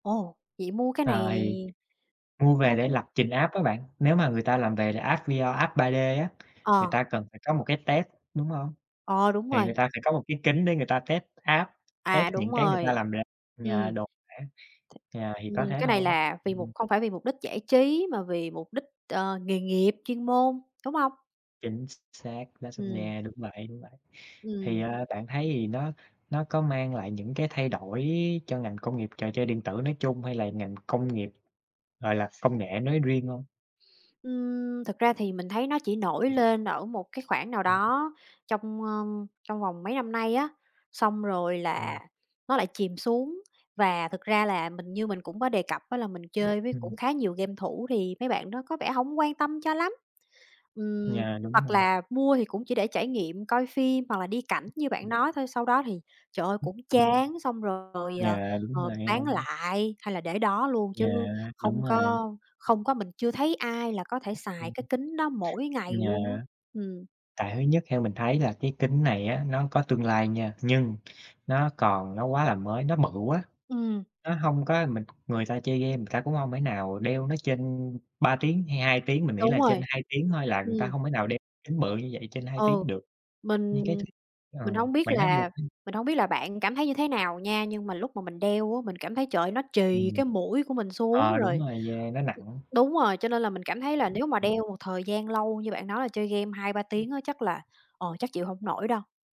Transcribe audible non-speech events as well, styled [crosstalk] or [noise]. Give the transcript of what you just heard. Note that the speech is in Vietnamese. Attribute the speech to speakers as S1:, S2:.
S1: Ồ, vậy mua cái
S2: Ờ,
S1: này
S2: thì mua về
S1: mua
S2: để
S1: cái
S2: lập trình app á bạn. Nếu mà người ta làm về app VR, app 3D á, người
S1: Ờ.
S2: ta cần phải có một cái test, đúng hông?
S1: Ờ, đúng
S2: Thì người
S1: rồi.
S2: ta phải có một cái kính để người ta test app, test
S1: À, đúng
S2: những cái người ta
S1: rồi,
S2: làm ra, à,
S1: ừm.
S2: đồ họa á. À, thì
S1: Ừm,
S2: có thế
S1: cái này
S2: thôi.
S1: là vì mục
S2: Ừm.
S1: không phải vì mục đích giải trí, mà vì mục đích, ờ, nghề nghiệp, chuyên môn, đúng hông?
S2: Chính x xác, [unintelligible]
S1: Ừm.
S2: nha, đúng vậy, đúng vậy. Thì,
S1: Ừm.
S2: à, bạn thấy thì nó nó có mang lại những cái thay đổi cho ngành công nghiệp trò chơi điện tử nói chung hay là ngành công nghiệp, gọi là, công nghệ nói riêng hông?
S1: Ừm, thực ra thì mình thấy nó chỉ nổi
S2: Ừm.
S1: lên ở một cái khoảng nào
S2: Ừm.
S1: đó trong, a, trong vòng mấy năm nay á, xong rồi là
S2: Ừm.
S1: nó lại chìm xuống. Và thực ra là mình như mình cũng có đề cập á, là mình
S2: Ừm,
S1: chơi với
S2: ừm.
S1: cũng khá nhiều game thủ thì mấy bạn đó có vẻ hổng quan tâm cho lắm. Ừm,
S2: Yeah, đúng
S1: hoặc
S2: rồi.
S1: là mua thì cũng chỉ để trải nghiệm coi phim hoặc là đi cảnh
S2: Ưm,
S1: như bạn
S2: ừm.
S1: nói thôi. Sau đó thì, trời ơi,
S2: Ưm,
S1: cũng
S2: ừm.
S1: chán xong rồi, ờ,
S2: Yeah, đúng
S1: ờ,
S2: rồi, nghe
S1: bán
S2: hông?
S1: lại, hay là để đó luôn, chứ
S2: Yeah, đúng
S1: không
S2: rồi.
S1: có không có, mình chưa thấy ai là có thể xài cái
S2: [unintelligible]
S1: kính đó mỗi ngày luôn á.
S2: yeah.
S1: Ừm.
S2: Tại thứ nhất theo mình thấy là cái kính này á, nó có tương lai nha, nhưng nó còn nó quá là mới, nó bự quá,
S1: Ừm.
S2: nó hông có mình người ta chơi game, người ta cũng hông thể nào đeo nó trên 3 tiếng hay 2 tiếng. Mình nghĩ
S1: Đúng
S2: là trên
S1: rồi,
S2: 2 tiếng thôi là người ta
S1: ừm.
S2: hông thể nào đeo kính bự như vậy trên 2
S1: Ừ,
S2: tiếng được. Nhưng
S1: mình
S2: cái thứ ờ,
S1: mình hông biết
S2: bạn nói đi
S1: là
S2: [unintelligible]
S1: mình hông biết là bạn cảm thấy như thế nào nha, nhưng mà lúc mà mình đeo á, mình cảm thấy, trời ơi, nó trì
S2: Ừm.
S1: cái mũi của mình xuống
S2: Ờ, đúng
S1: rồi
S2: rồi, yeah, nó nặng.
S1: đúng rồi, cho nên là mình cảm thấy là
S2: Ưm,
S1: nếu mà
S2: ừm.
S1: đeo một thời gian lâu như bạn nói là chơi game 2-3 tiếng
S2: Ừm.
S1: á, chắc là, ờ, chắc chịu hổng nổi đâu.